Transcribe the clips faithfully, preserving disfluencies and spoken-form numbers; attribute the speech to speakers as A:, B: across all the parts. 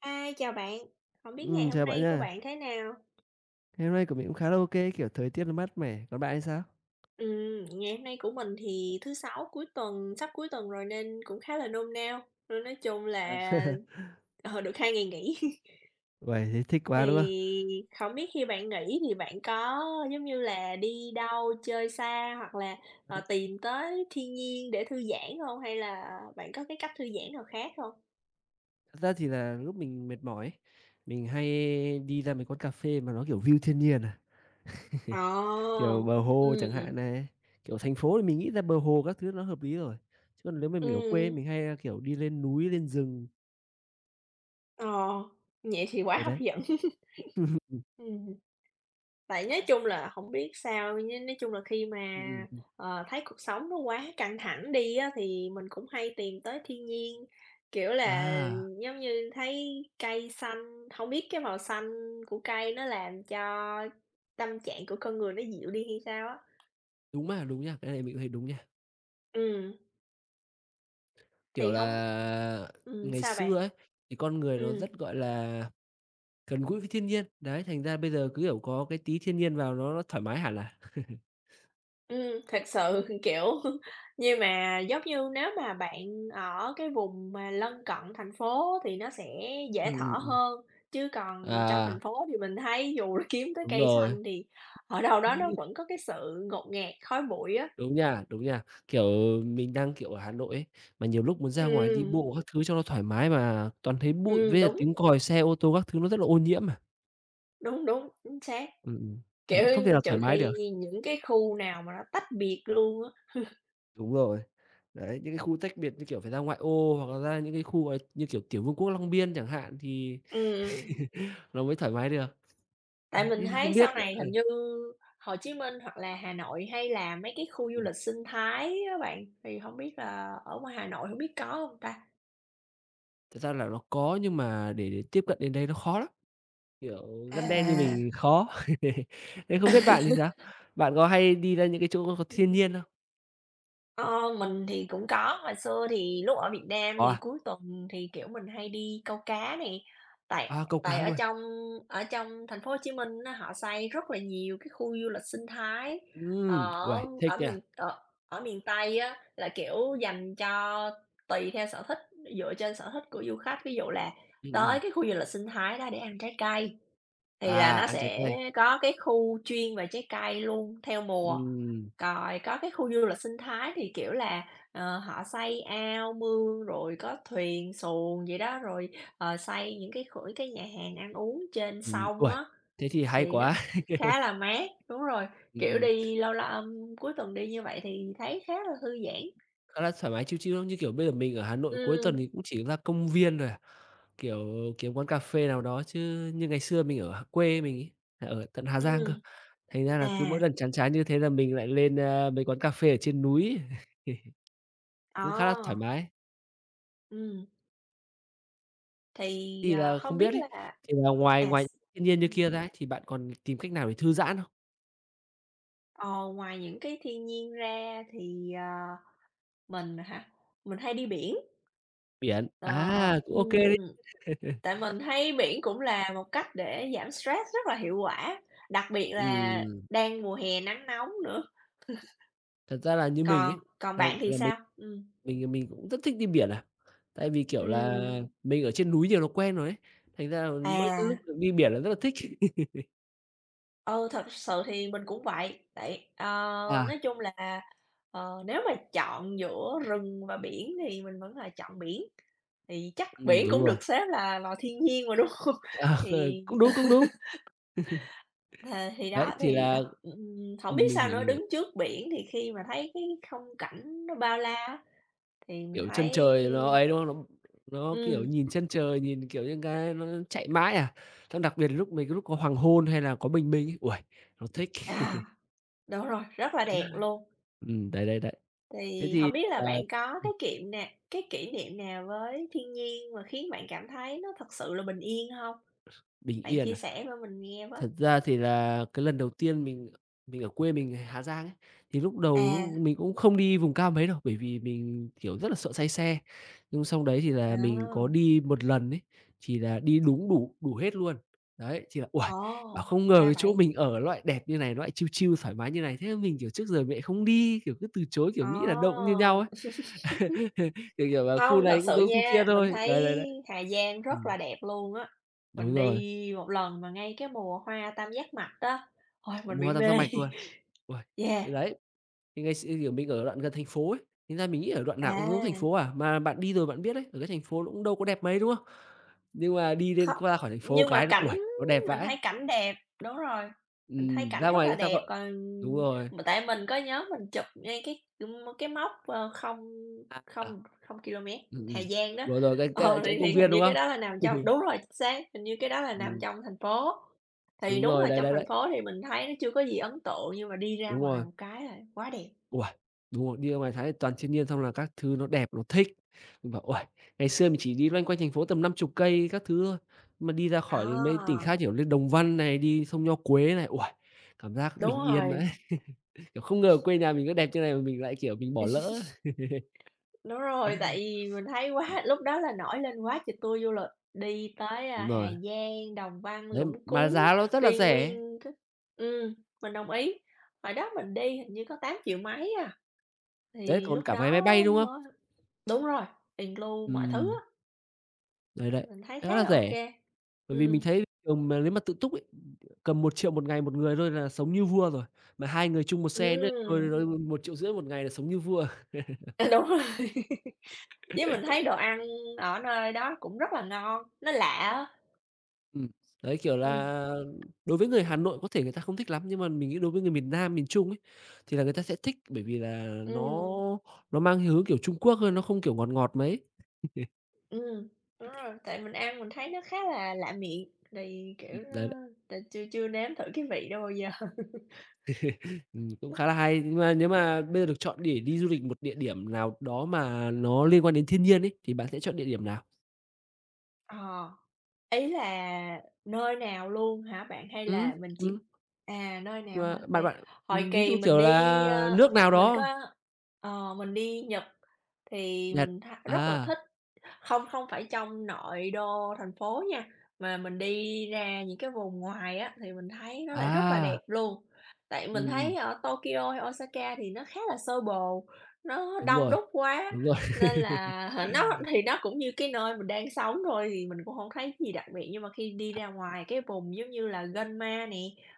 A: ai, chào bạn. Hổng biết ngày
B: Ừm,
A: hôm
B: chào bạn
A: nay của
B: nha.
A: bạn thế nào?
B: Ngày hôm nay của mình cũng khá là ok, kiểu, thời tiết nó mát mẻ, còn bạn thì sao?
A: Ừm, ngày hôm nay của mình thì thứ Sáu, cuối tuần sắp cuối tuần rồi, nên cũng khá là nôn nao, nên nói chung
B: À!
A: là ờ, được hai ngày nghỉ.
B: Uầy, thế thích quá, đúng không?
A: Thì hổng biết khi bạn nghỉ thì bạn có, giống như là, đi đâu chơi xa, hoặc là, ờ,
B: [unintelligible]
A: tìm tới thiên nhiên để thư giãn hông? Hay là bạn có cái cách thư giãn nào khác hông?
B: Thật ra thì là lúc mình mệt mỏi ấy, mình hay đi ra mấy quán cà phê mà nó, kiểu, view thiên nhiên, à,
A: Ờ,
B: kiểu, bờ hồ chẳng
A: ừm.
B: hạn này. Kiểu, thành phố thì mình nghĩ ra bờ hồ các thứ nó hợp lý rồi, chứ còn lếu mà mình ở quê
A: Ừm.
B: mình hay, a, kiểu, đi lên núi lên rừng.
A: Ờ, vậy thì quá
B: Đấy,
A: hấp
B: đấy,
A: dẫn.
B: ừm.
A: Ừm. Tại nói chung
B: [unintelligible]
A: là hổng biết sao, nh nói chung là khi mà,
B: Ừm, ừm, ừm.
A: ờ, thấy cuộc sống nó quá căng thẳng đi á, thì mình cũng hay tìm tới thiên nhiên, kiểu là,
B: À!
A: giống như, thấy cây xanh hông biết cái màu xanh của cây nó làm cho tâm trạng của con người nó dịu đi hay sao á.
B: Đúng mà, đúng nha, cái mình cũng thấy đúng nha.
A: Ừm.
B: Kiểu
A: Thì hổng
B: là,
A: ừm,
B: ngày
A: sao bạn?
B: xưa ấy thì con người nó
A: Ừm.
B: rất, gọi là, gần gũi với thiên nhiên, đấy, thành ra bây giờ cứ, kiểu, có cái tí thiên nhiên vào nó nó thoải mái hẳn à.
A: Ừm, thực sự, kiểu, nhưng mà, giống như, nếu mà bạn ở cái vùng mà lân cận thành phố á thì nó sẽ dễ
B: Ừm, ừm,
A: thở
B: ừm.
A: hơn, chứ còn trong thành
B: À!
A: phố thì mình thấy dù là kiếm tới
B: Đúng
A: cây
B: rồi.
A: xanh thì ở đâu đó nó
B: [unintelligible]
A: vẫn có cái sự ngột ngạt, khói bụi á.
B: Đúng nha, đúng nha. Kiểu, mình đang, kiểu, ở Hà Nội ấy, mà nhiều lúc muốn ra ngoài đi
A: Ừm.
B: bộ các thứ cho nó thoải mái mà toàn thấy bụi với
A: Ừm,
B: lại
A: đúng.
B: tiếng còi xe ô tô các thứ nó rất là ô nhiễm mà.
A: Đúng, đúng, chính xác.
B: Ừm, ừm, đấy,
A: Kiểu,
B: không thể nào thoải
A: trừ
B: mái
A: khi
B: được.
A: nhi những cái khu nào mà nó tách biệt luôn á.
B: Đúng rồi, đấy, những cái khu tách biệt như kiểu phải ra ngoại ô hoặc là, ra những cái khu mà như, kiểu kiểu, vương quốc Long Biên chẳng hạn, thì
A: Ừm, ừm.
B: nó mới thoải mái được.
A: Tại
B: À,
A: mình
B: thế thì không
A: thấy
B: biết
A: sau
B: bạn
A: này
B: ơi.
A: hình như Hồ Chí Minh, hoặc là Hà Nội, hay là mấy cái
B: Ừm,
A: khu du
B: ừm.
A: lịch sinh thái á bạn, thì hổng biết là ở ngoài Hà Nội hổng biết có hông ta?
B: Thật ra là nó có nhưng mà để để tiếp cận đến đấy nó khó lắm, kiểu, dân đen như
A: À!
B: mình khó, thế không biết bạn thì sao? Bạn có hay đi ra những cái chỗ có thiên nhiên không?
A: Ơ, mình thì cũng có, hồi xưa thì lúc ở Việt Nam
B: Có
A: thì
B: à?
A: cuối tuần thì, kiểu, mình hay đi câu cá nè, tại
B: À, câu cá
A: tại ở
B: luôn.
A: trong ở trong thành phố Hồ Chí Minh á, họ xây rất là nhiều cái khu du lịch sinh thái
B: Ừm,
A: ở
B: uầy thích
A: ở
B: nha.
A: miền ở ở miền Tây á, là, kiểu, dành cho tùy theo sở thích dựa trên sở thích của du khách. Ví dụ là
B: Ừm, ừm.
A: tới cái khu du lịch sinh thái đó để ăn trái cây, thì là
B: À,
A: nó
B: ăn trái
A: sẽ
B: cây.
A: có cái khu chuyên về trái cây luôn theo mùa,
B: Ừm.
A: rồi có cái khu du lịch sinh thái thì, kiểu là, ờ, họ xây ao, mương, rồi có thuyền xuồng vậy đó, rồi, ờ, xây những cái kh cái nhà hàng ăn uống trên
B: Ừm,
A: sông
B: uầy.
A: á,
B: Thế thì hay
A: thì nó
B: quá.
A: khá là mát. Đúng rồi, kiểu,
B: Ừm.
A: đi lâu l ờm, cuối tuần đi như vậy thì thấy khá là thư giãn.
B: Khá là thoải mái chill, chill, ưm, như kiểu, bây giờ mình ở Hà Nội cuối tuần
A: Ừm.
B: thì cũng chỉ la công viên thôi à, kiểu, kiếm quán cà phê nào đó. Chứ như ngày xưa mình ở h quê mình ấy, là ở tận Hà Giang cơ,
A: Ừm.
B: thành ra là cứ
A: À!
B: mỗi lần chán chán như thế là mình lại lên, a, mấy quán cà phê ở trên núi, cũng khá là thoải
A: Ờ.
B: mái.
A: Ừm. Thì,
B: Thì
A: ờ,
B: là
A: không
B: không
A: biết
B: biết ấy,
A: là
B: thì là ngoài
A: à,
B: ngoài
A: s
B: thiên nhiên như
A: ừm.
B: kia ra thì bạn còn tìm cách nào để thư giãn không?
A: Ờ, ngoài những cái thiên nhiên ra thì, ờ mình hả? Mình hay đi biển.
B: Biển.
A: Ờ,
B: À, cũng ô kê
A: ừm.
B: đấy!
A: Tại mình thấy biển cũng là một cách để giảm stress rất là hiệu quả, đặc biệt là
B: Ừm.
A: đang mùa hè nắng nóng nữa.
B: Thật ra là như mình ấy,
A: Còn còn
B: là
A: bạn thì
B: là mình
A: sao? Ừm.
B: mình là mình cũng rất thích đi biển à, tại vì, kiểu là,
A: Ừm.
B: mình ở trên núi nhiều nó quen rồi ấy, thành ra là mỗi cái lúc
A: À.
B: được đi biển là rất là thích.
A: Ừ, thật sự thì mình cũng vậy. Tại ờ,
B: À.
A: nói chung là, ờ, nếu mà chọn giữa rừng và biển thì mình vẫn là chọn biển, thì chắc
B: Ừm,
A: biển
B: đúng
A: cũng
B: rồi.
A: được xếp là lò thiên nhiên mà, đúng không?
B: Ờ,
A: Thì
B: cũng đúng, cũng đúng.
A: Ờ, thì
B: Đấy,
A: đó,
B: thì
A: thì,
B: là
A: [unintelligible] ừm, hổng biết
B: ừm, mình
A: sao
B: hiểu,
A: nữa,
B: mình hiểu.
A: đứng trước biển thì khi mà thấy cái khung cảnh nó bao la á, thì mình
B: Kiểu, chân
A: thấy
B: trời nó ấy, đúng không? Nó nó, kiểu,
A: Ừm.
B: nhìn chân trời, nhìn, kiểu như cái nó chạy mãi à. Xong đặc biệt là lúc mình có lúc có hoàng hôn hay là có bình minh ấy, uầy, nó thích.
A: À! Đúng rồi, rất là đẹp luôn.
B: Ừm, đấy, đấy, đấy. Thế
A: Thì
B: thì
A: hổng biết là bạn
B: [unintelligible]
A: có
B: ừm.
A: cái kiệm nào cái kỷ niệm nào với thiên nhiên mà khiến bạn cảm thấy nó thực sự là bình yên hông?
B: Bình
A: Bạn
B: yên
A: chia
B: à?
A: sẻ vơ mình nghe với.
B: Thật ra thì là cái lần đầu tiên mình mình ở quê, mình người Hà Giang ấy, thì lúc đầu
A: À.
B: lúc mình cũng không đi vùng cao mấy đâu. Bởi vì mình, kiểu, rất là sợ say xe. Nhưng sau đấy thì là mình có
A: À!
B: đi một lần ấy, thì là đi đúng đủ đủ hết luôn. Đấy, chì là uầy, bảo:
A: Ồ,
B: "Không ngờ
A: ra
B: cái chỗ
A: vậy!
B: mình ở ló lại đẹp như này, nó lại chill chill thoải mái như này." Thế mình, kiểu, trước giờ mình lại không đi, kiểu, cứ từ chối, kiểu,
A: Ờ!
B: nghĩ là đâu cũng như nhau ấy. Kiểu, kiểu là "Khu
A: Không, thật
B: này cũng
A: sự
B: giống khu kia
A: nha, mình
B: thôi."
A: thấy
B: Đấy, đấy, đấy.
A: Hà Giang rất
B: Ừm.
A: là đẹp luôn á. Mình
B: Đúng rồi.
A: đi một lần mà ngay cái mùa hoa tam giác mạch á, ôi
B: À,
A: mình
B: mùa
A: bị
B: hoa tam giác
A: mê.
B: mạch luôn. Uầy.
A: Yeah.
B: Thì đấy, thì ngày x kiểu, mình ở đoạn gần thành phố ấy, thành ra mình nghĩ ở đoạn nào cũng giống thành phố
A: À!
B: à. Mà bạn đi rồi bạn biết đấy, ở cái thành phố nó cũng đâu có đẹp mấy, đúng không? Nhưng mà đi lên
A: Kho
B: qua khỏi thành phố
A: nhưng
B: cái,
A: mà
B: nó,
A: cảnh
B: uầy, nó đẹp
A: mình
B: vãi!
A: thấy cảnh đẹp. Đúng rồi, mình thấy
B: Ừm,
A: cảnh
B: ra
A: rất
B: ngoài
A: là
B: người ta
A: đẹp.
B: gọi
A: Còn
B: đúng rồi.
A: mà tại mình có nhớ mình chụp ngay cái, ưm, mơ cái mốc, ơ, không
B: À, à.
A: không không ki lô mét,
B: Ừm,
A: Hà
B: ừm.
A: Giang đó.
B: Rồi, rồi, ra ca
A: Ờ,
B: chỗ
A: thì
B: công
A: thì
B: viên,
A: hình như
B: đúng không?
A: cái đó là nằm trong đúng rồi, chính xác, hình như cái đó là nằm
B: Ừm.
A: trong thành phố. Thì
B: Đúng
A: đúng
B: rồi,
A: là
B: đấy,
A: trong
B: đấy,
A: thành
B: đấy.
A: phố thì mình thấy nó chưa có gì ấn tượng, nhưng mà đi ra
B: Đúng
A: ngoài
B: rồi.
A: một cái là quá đẹp.
B: Uầy, đúng rồi. Đi ra ngoài thái toàn chiên nghiên, xong là các thứ nó đẹp, nó thích. Mình bảo :"Uầy, ngày xưa mình chỉ đi loanh quanh thành phố tầm năm chục cây các thứ thôi. Mà đi ra khỏi đến mấy tỉnh
A: À!
B: khác, kiểu, lên Đồng Văn này, đi sông Nho Quế này. Uầy, cảm giác
A: Đúng
B: bình yên vãi."
A: rồi.
B: Kiểu, không ngờ quê nhà mình có đẹp như này mà mình lại, kiểu, mình bỏ lỡ ấy.
A: Đúng rồi. Tại vì mình thấy quá lúc đó là nổi lên quá tr tour du lịch, đi tới, a,
B: Đúng
A: Hà
B: rồi.
A: Giang, Đồng Văn,
B: Đấy,
A: Lũng
B: mà giá
A: Cú,
B: nó rất là
A: đi
B: rẻ.
A: nguyên c ừm, mình đồng ý. Hồi đó mình đi hình như có tám triệu mấy à.
B: Đấy
A: Thì
B: còn
A: lúc
B: cả vé
A: đó
B: máy bay, đúng không?
A: mới đúng rồi, ìn cờ lu mọi thứ
B: Ừm.
A: á.
B: Rồi đấy,
A: Mình thấy khá
B: khá là
A: là ô
B: rẻ.
A: kê.
B: Bởi vì mình
A: Ừm.
B: thấy cùng mà nếu mà tự túc ấy, cầm một triệu một ngày một người thôi là sống như vua rồi, mà hai người chung một xe nữa thôi
A: Ừm.
B: r rồi một triệu rưỡi một ngày là sống như vua à.
A: À, đúng rồi. Với mình thấy đồ ăn ở nơi đó cũng rất là ngon, nó lạ á.
B: Ừm, đấy, kiểu
A: Ừm.
B: là, đối với người Hà Nội có thể người ta không thích lắm nhưng mà mình nghĩ đối với người miền Nam, miền Trung ấy, thì là người ta sẽ thích bởi vì là nó
A: Ừm.
B: nó mang hơi hướng, kiểu, Trung Quốc thôi, nó không, kiểu, ngọt ngọt mấy.
A: Ừm, đúng rồi, tại mình ăn mình thấy nó khá là lạ miệng, thì,
B: Ừm,
A: kiểu, ơ,
B: đấy, đấy.
A: t chưa chưa nếm thử cái vị đó bao giờ.
B: Ừm, cũng khá là hay, nhưng mà nếu mà bây giờ được chọn để đi du lịch một địa điểm nào đó mà nó liên quan đến thiên nhiên ấy, thì bạn sẽ chọn địa điểm nào?
A: Ờ, ý là nơi nào luôn hả bạn? Hay
B: Ừm,
A: là mình chỉ
B: ừm.
A: à, nơi
B: Nhưng
A: nào
B: mà
A: hả?
B: bạn
A: Đây,
B: bạn,
A: hồi
B: ừm, ví
A: kỳ
B: dụ,
A: mình
B: kiểu
A: đi,
B: là,
A: ơ,
B: nước nào
A: mình có
B: đó?
A: ờ, mình đi Nhật thì
B: Nhật.
A: mình tha rất là
B: À!
A: thích, hông, không phải trong nội đô thành phố nha, mà mình đi ra những cái vùng ngoài á, thì mình thấy nó lại rất là đẹp
B: À!
A: luôn. Tại mình
B: Ừm, ừm.
A: thấy ở Tokyo hay Osaka thì nó khá là xô bồ, nó
B: Đúng
A: đông
B: rồi,
A: đúc quá,
B: đúng rồi.
A: nên là, hả nó thì nó cũng như cái nơi mình đang sống thôi thì mình cũng hông thấy gì đặc biệt. Nhưng mà khi đi ra ngoài cái vùng, giống như là, Gunma nè,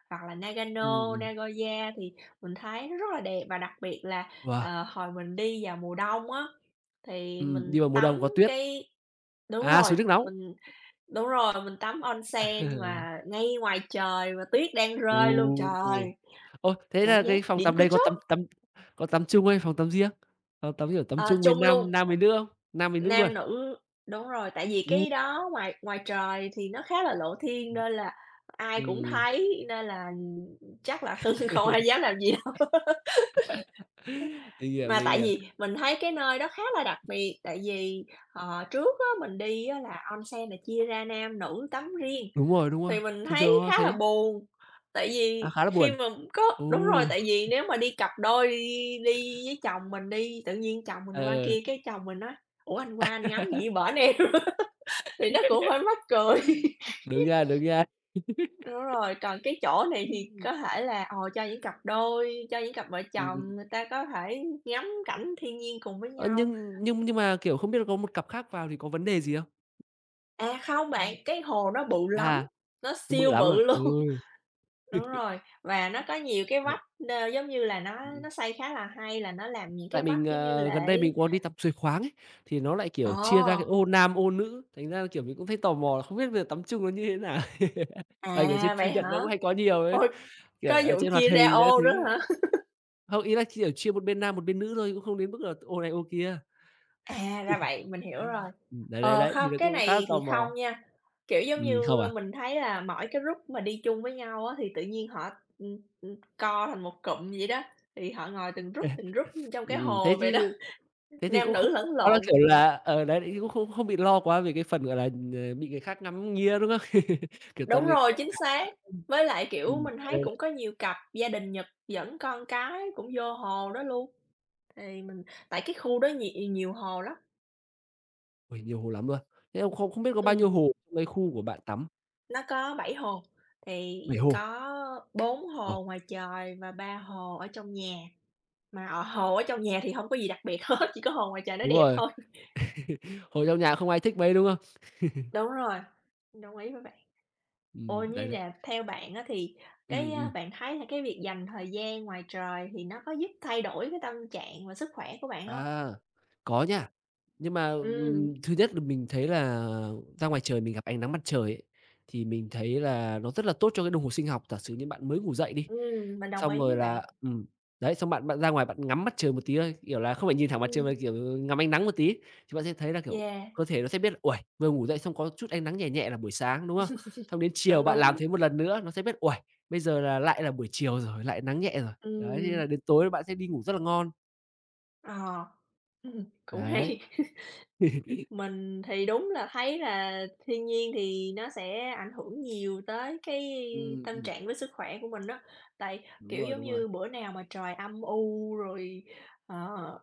A: hoặc là
B: Ừm,
A: Nagano,
B: ừm.
A: Nagoya thì mình thấy nó rất là đẹp. Và đặc biệt là,
B: Wow!
A: ờ, hồi mình đi vào mùa đông á, thì
B: Ừm,
A: mình
B: đi vào mùa đông
A: tắm
B: có tuyết.
A: cái đúng
B: À, suối
A: rồi,
B: nước nóng.
A: mình đúng rồi, mình tắm onsen mà ngay ngoài trời mà tuyết đang rơi luôn
B: U.
A: trời,
B: Ôi, thế
A: cảm
B: là
A: giác
B: cái phòng
A: đỉnh
B: tắm
A: của
B: đấy có tắm
A: chóp.
B: tắm có tắm chung hay phòng tắm riêng, phòng tắm, kiểu, tắm
A: Ờ,
B: chung với
A: chung luôn.
B: nam nam với nữ không? Nam với nữ luôn?
A: Nam nữ đúng rồi, tại vì cái đó ngoài ngoài trời thì nó khá là lộ thiên
B: Ừm.
A: nên là ai cũng
B: Ừm.
A: thấy nên là chắc là hưng không ai dám làm gì đâu.
B: Mình hiểu,
A: Mà
B: mình
A: tại
B: hiểu.
A: vì mình thấy cái nơi đó khá là đặc biệt, tại vì, ờ, trước á, mình đi á, là onsen là chia ra nam nữ tắm riêng,
B: Đúng rồi, đúng rồi,
A: thì mình
B: thường thường
A: thấy
B: nó là
A: khá là
B: thế.
A: buồn. Tại
B: À,
A: vì
B: khá là
A: khi
B: buồn,
A: mà có đúng rồi,
B: ù.
A: tại vì nếu mà đi cặp đôi đi đi với chồng mình đi, tự nhiên chồng mình qua
B: Ờ.
A: kia cái chồng mình nói: "Ủa, anh qua anh ngắm gì ở bển em?" Thì nó cũng hơi mắc cười.
B: Đúng nha, đúng nha.
A: Đúng rồi, còn cái chỗ này thì
B: Ừm.
A: có thể là, ờ, cho những cặp đôi, cho những cặp vợ
B: Ừm, ừm.
A: chồng, người ta có thể ngắm cảnh thiên nhiên cùng với
B: Ơ,
A: nhau.
B: nhưng nhưng nhưng mà, kiểu, không biết là có một cặp khác vào thì có vấn đề gì không?
A: À, không
B: Ừm.
A: bạn, cái hồ nó bự lắm,
B: Ha.
A: nó
B: Cũng bự
A: siêu
B: lắm luôn.
A: bự luôn.
B: Ừm.
A: Đúng rồi, và nó có nhiều cái
B: Đấy.
A: vách n giống như là, nó
B: Ừm, ừm.
A: nó xây khá là hay là nó làm những
B: Tại
A: cái
B: mình,
A: vách giống như
B: ờ, gần đây mình
A: lễ
B: có đi tắm suối khoáng ấy thì nó lại,
A: Ờ!
B: kiểu, chia ra cái ô nam, ô nữ, thành ra là, kiểu, mình cũng thấy tò mò là không biết bây giờ tắm chung nó như thế nào? Tại kiểu trên
A: À,
B: phim
A: vậy
B: Nhật nó
A: hả?
B: cũng hay có nhiều ấy,
A: Ôi!
B: kiểu,
A: có
B: ở
A: vụ
B: trên hoạt
A: chia ra
B: hình các
A: ô
B: thứ.
A: nữa hả?
B: Không, ý là chia chia một bên nam, một bên nữ thôi chứ cũng không đến mức là ô này ô kia.
A: À, ra vậy, mình hiểu rồi.
B: Ừm, đấy, đấy,
A: Ờ,
B: đấy, thì
A: hông,
B: nó
A: cái
B: cũng khá là
A: này
B: tò
A: thì
B: mò.
A: không
B: Ừm không à.
A: nha, kiểu, giống như,
B: Ừm, không à.
A: mình thấy là mỗi cái group mà đi chung với nhau á, thì tự nhiên họ, ừm, ừm, co thành một cụm vậy đó, thì họ ngồi từng group, từng group trong cái
B: Ừm, ừm,
A: hồ
B: thế
A: vậy đó,
B: chứ thế thì
A: nam
B: cũng
A: nữ
B: không có
A: lẫn
B: quá là
A: lộn.
B: kiểu là ờ, đấy thế thì cũng không không bị lo quá vì cái phần, gọi là, ờ, bị người khác ngắm nghía, đúng không? Kiểu, toàn
A: Đúng
B: người
A: rồi,
B: quen
A: chính
B: mà.
A: xác. Với lại, kiểu,
B: Ừm.
A: mình thấy cũng
B: [unintelligible]
A: có nhiều cặp gia đình Nhật dẫn con cái cũng vô hồ đó luôn. Thì mình tại cái khu đó nh nhiều hồ lắm.
B: Ôi, nhiều hồ lắm luôn. Thế không không không biết có bao nhiêu
A: Ừm.
B: hồ lấy khu của bạn tắm?
A: Nó có bảy hồ, thì
B: bảy hồ?
A: có bốn
B: Đúng rồi.
A: hồ ngoài trời và ba hồ ở trong nhà, mà ở hồ ở trong nhà thì hông có gì đặc biệt hết, chỉ có hồ ngoài trời nó
B: Đúng
A: đẹp
B: rồi.
A: thôi.
B: Hồ trong nhà không ai thích mấy, đúng không?
A: Đúng rồi. Đồng ý với bạn. Ủa,
B: Ừm, đấy,
A: như
B: đấy.
A: nhà theo bạn á, thì
B: Ừm,
A: cái, a,
B: ừm.
A: bạn thấy là cái việc dành thời gian ngoài trời thì nó có giúp thay đổi cái tâm trạng và sức khỏe của bạn hông?
B: À, có nha. Nhưng mà, ừm,
A: Ừm.
B: thứ nhất là mình thấy là ra ngoài trời mình gặp ánh nắng mặt trời ấy, thì mình thấy là nó rất là tốt cho cái đồng hồ sinh học. Giả sử như bạn mới ngủ dậy đi,
A: Ừm, mình đồng
B: xong
A: ý
B: rồi
A: với
B: là
A: bạn.
B: ừm, đấy, xong bạn bạn ra ngoài bạn ngắm mặt trời một tí thôi, kiểu là, không phải nhìn thẳng mặt trời mà,
A: Ừm.
B: kiểu, ngắm ánh nắng một tí, chúng ta sẽ thấy là, kiểu,
A: Yeah.
B: cơ thể nó sẽ biết là, ôi, vừa ngủ dậy xong có chút ánh nắng nhẹ nhẹ là buổi sáng, đúng không? Xong đến chiều
A: Đúng,
B: bạn làm
A: đúng.
B: thế một lần nữa nó sẽ biết, ôi, bây giờ lại là buổi chiều rồi, lại nắng nhẹ rồi. Đấy, thế
A: Ừm.
B: là đến tối bạn sẽ đi ngủ rất là ngon.
A: Ờ, ừm, cũng hay.
B: Đấy.
A: Mình thì đúng là thấy là thiên nhiên thì nó sẽ ảnh hưởng nhiều tới cái
B: Ừm,
A: tâm
B: ừm.
A: trạng với sức khỏe của mình á, tại,
B: Đúng
A: kiểu
B: rồi,
A: giống
B: đúng rồi.
A: như, bữa nào mà trời âm u rồi, ờ,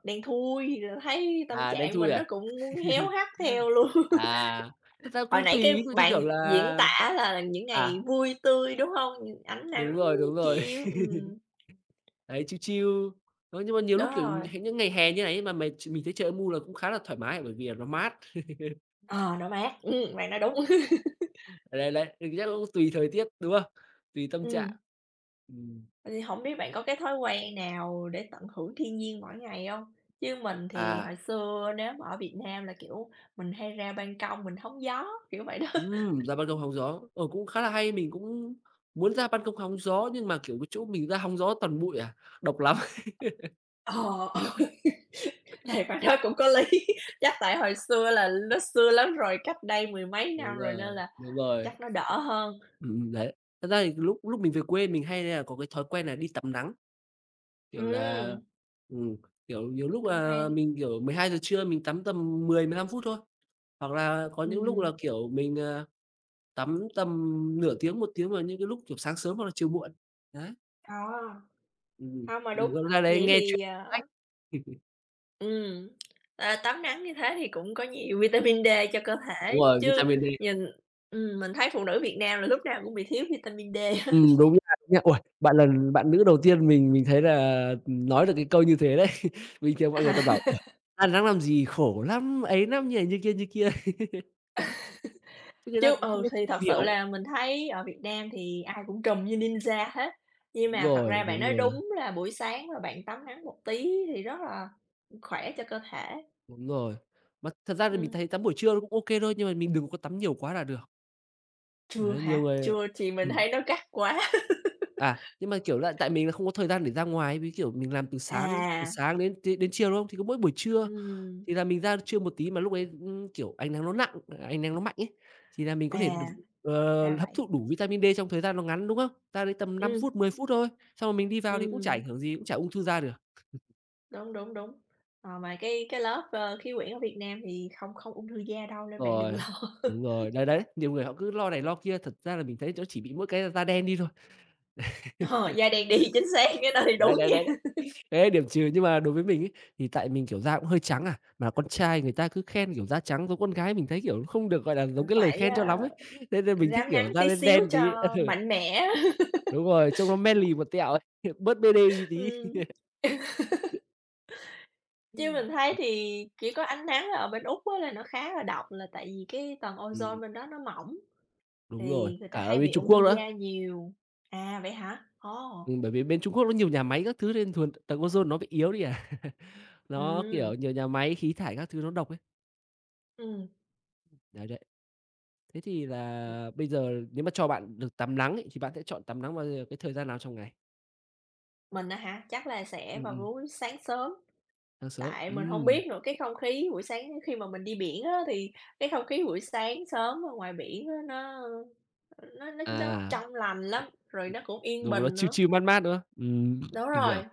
A: đen thui, thấy tâm
B: À, đen
A: trạng
B: thui
A: mình nó
B: à?
A: cũng muốn héo hắt theo luôn.
B: À, thực ra cũng
A: Hồi nãy
B: tùy ví
A: cái
B: dụ như kiểu
A: bạn
B: là
A: diễn tả là những ngày
B: à.
A: vui tươi, đúng hông? Ánh
B: Đúng
A: nắng
B: rồi, đúng rồi.
A: chiếu, ừm.
B: Đấy, chill chill, ơ, nhưng mà nhiều lúc,
A: Đó
B: kiểu,
A: rồi.
B: h những ngày hè như thế này ấy mà mè ch mình thấy trời âm u là cũng khá là thoải mái bởi vì là nó mát.
A: Ờ, nó mát, ừm, bạn nói đúng.
B: Ờ, đấy, đấy, thì chắc cũng tùy thời tiết, đúng không? Tùy tâm trạng.
A: Ừm.
B: Ừm.
A: Vậy thì hổng biết bạn có cái thói quen nào để tận hưởng thiên nhiên mỗi ngày hông? Chứ mình thì
B: À.
A: hồi xưa nếu mà ở Việt Nam là, kiểu, mình hay ra ban công, mình hóng gió, kiểu vậy đó.
B: Ừm, ra ban công hóng gió. Ờ, cũng khá là hay, mình cũng muốn ra ban công hóng gió nhưng mà, kiểu, cái chỗ mình ra hóng gió toàn bụi à, độc lắm.
A: Ờ, ừ. Thì bạn nói cũng có lý, chắc tại hồi xưa là ló xưa lắm rồi, cách đây mười mấy
B: Đúng
A: năm rồi
B: rồi,
A: nên là
B: đúng rồi.
A: chắc nó đỡ hơn.
B: Ừm, ừm, đấy. Thật ra thì lúc lúc mình về quê mình hay nà có cái thói quen là đi tắm nắng. Kiểu là,
A: Ừm.
B: ừm, kiểu, nhiều
A: Ưm,
B: lúc
A: cũng
B: là
A: hay.
B: mình kiểu mười hai giờ trưa mình tắm tầm mười, mười lăm phút thôi. Hoặc là có những lúc là,
A: Ừm.
B: kiểu, mình, ờ, tắm tầm nửa tiếng, một tiếng vào những cái lúc, kiểu, sáng sớm hoặc là chiều muộn. Đấy.
A: Ờ.
B: Ừm,
A: Hông, mà
B: mình
A: đúng.
B: vẫn ra đấy
A: Vậy
B: nghe truyện
A: thì,
B: sách.
A: ờ Ừm, ờ, tắm nắng như thế thì cũng có nhiều vitamin D cho cơ
B: Đúng
A: thể
B: rồi,
A: chứ
B: vitamin D.
A: nhìn ừm, mình thấy phụ nữ Việt Nam là lúc nào cũng bị thiếu vitamin D hết.
B: Ừm, đúng [unintelligible] nha. Uầy! Bạn là bạn nữ đầu tiên mình mình thấy là, ừm, nói được cái câu như thế đấy. Bình thường mọi người
A: À.
B: toàn bảo: "Uầy, ăn nắng làm gì khổ lắm, ấy lắm", như này, như kia, như kia. Thì người ta
A: Chứ
B: cũng không
A: ừ,
B: có
A: thì thật sự
B: hiểu.
A: là mình thấy ở Việt Nam thì ai cũng trùm như ninja hết, nhưng
B: Đúng
A: mà thật
B: rồi,
A: ra bạn
B: đúng
A: nói
B: rồi.
A: đúng là buổi sáng mà bạn tắm nắng một tí thì rất là, ưm, khỏe cho cơ thể.
B: Đúng rồi. Mà thật ra thì mình thấy
A: Ừm.
B: tắm buổi trưa nó cũng OK thôi, nhưng mà mình đừng có tắm nhiều quá là được.
A: Trưa
B: Đấy, nhiều
A: hả?
B: người, ờ
A: Trưa, thì mình
B: ừm.
A: thấy nó gắt quá.
B: À, nhưng mà, kiểu là, tại mình là không có thời gian để ra ngoài, với, kiểu, mình làm từ sáng từ
A: À.
B: sáng đến t đến chiều, đúng hông? Thì có mỗi buổi trưa,
A: Ừm.
B: thì là mình ra trưa một tí mà lúc đấy, ưm, kiểu, ánh nắng nó nặng à, ánh nắng nó mạnh ấy, thì là mình có thể đủ
A: À,
B: ờ,
A: ra
B: hấp thụ
A: vậy.
B: đủ vitamin D trong thời gian nó ngắn, đúng không? Ra đây tầm năm
A: Ừm,
B: phút, mười phút thôi, xong rồi mình đi vào thì cũng chả
A: ừm.
B: ảnh hưởng gì, cũng chả ung thư da được.
A: Đúng, đúng, đúng. Ờ, mà cái cái lớp, ơ, khí quyển ở Việt Nam thì không không ung thư da đâu nên bạn đừng
B: Rồi,
A: lo.
B: đúng rồi. Đấy, đấy, nhiều người họ cứ lo này lo kia, thật ra là mình thấy chó chỉ bị mỗi cái da đen đi thôi.
A: Ờ, da đen đi, chính xác, cái đó thì
B: Đấy,
A: đúng
B: đấy, đấy.
A: nha.
B: Cái đấy là điểm trừ nhưng mà đối với mình ấy, thì tại mình, kiểu, da cũng hơi trắng à, mà con trai người ta cứ khen, kiểu, da trắng giống con gái mình thấy, kiểu, nó không được, gọi là,
A: Ờ,
B: giống cái lời
A: phải,
B: khen cho
A: ơ,
B: lắm ấy, thế nên mình thích,
A: rám
B: kiểu,
A: nắng
B: da
A: tí
B: đen
A: xíu
B: đen tí.
A: cho
B: Ừ.
A: mạnh mẽ.
B: Đúng rồi, trông nó manly một tẹo ấy, bớt pêđê đi tí.
A: Ừm. Chứ
B: Ừm.
A: mình thấy
B: Ừm.
A: thì chỉ có ánh nắng ở bên Úc á là nó khá là độc là tại vì cái tầng
B: Ừm.
A: ozone bên đó nó mỏng,
B: Đúng rồi,
A: thì người ta
B: cả ở
A: hay
B: bên
A: bị
B: Trung
A: ung thư
B: Quốc nữa.
A: da nhiều. À, vậy hả? Ồ.
B: Ừm, bởi vì bên Trung Quốc nó nhiều nhà máy các thứ lên thường tầng ozone nó bị yếu đi à. Nó, kiểu,
A: Ừm.
B: nhiều nhà máy khí thải các thứ nó độc ấy.
A: Ừm.
B: Đấy, đấy. Thế thì
A: [unintelligible]
B: là bây giờ nếu mà cho bạn được tắm lắng ấy, thì bạn sẽ chọn tắm nắng vào giờ cái thời gian nào trong ngày?
A: Mình á hả, chắc là sẽ
B: Ừm,
A: vào mỗi
B: ừm.
A: buổi sáng sớm.
B: Sáng sớm,
A: Tại mình hông
B: ừm.
A: biết nữa, cái không khí buổi sáng khi mà mình đi biển á, thì cái không khí buổi sáng sớm ở ngoài biển á, nó nó nó nó
B: À.
A: trong lành lắm, rồi nó cũng yên
B: Đúng nó
A: bình
B: chill
A: nữa.
B: chill mát mát, đúng không? Ừm,
A: Đúng
B: mình hiểu.
A: rồi.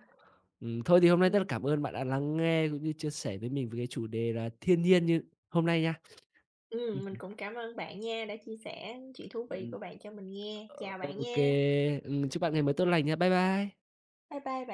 B: Ừm, thôi thì hôm nay rất là
A: Ừm.
B: cảm ơn bạn đã lắng nghe cũng như chia sẻ với mình về cái chủ đề là thiên nhiên như hôm nay nha.
A: Ừm, mình
B: Ừm.
A: cũng cảm ơn bạn nha đã chia sẻ chuyện thú vị
B: Ừm.
A: của bạn cho mình nghe. Chào
B: Ô
A: bạn
B: ô
A: nha.
B: kê. Ừm, chúc bạn ngày mới tốt lành nha. Bye bye.
A: Bye bye bạn.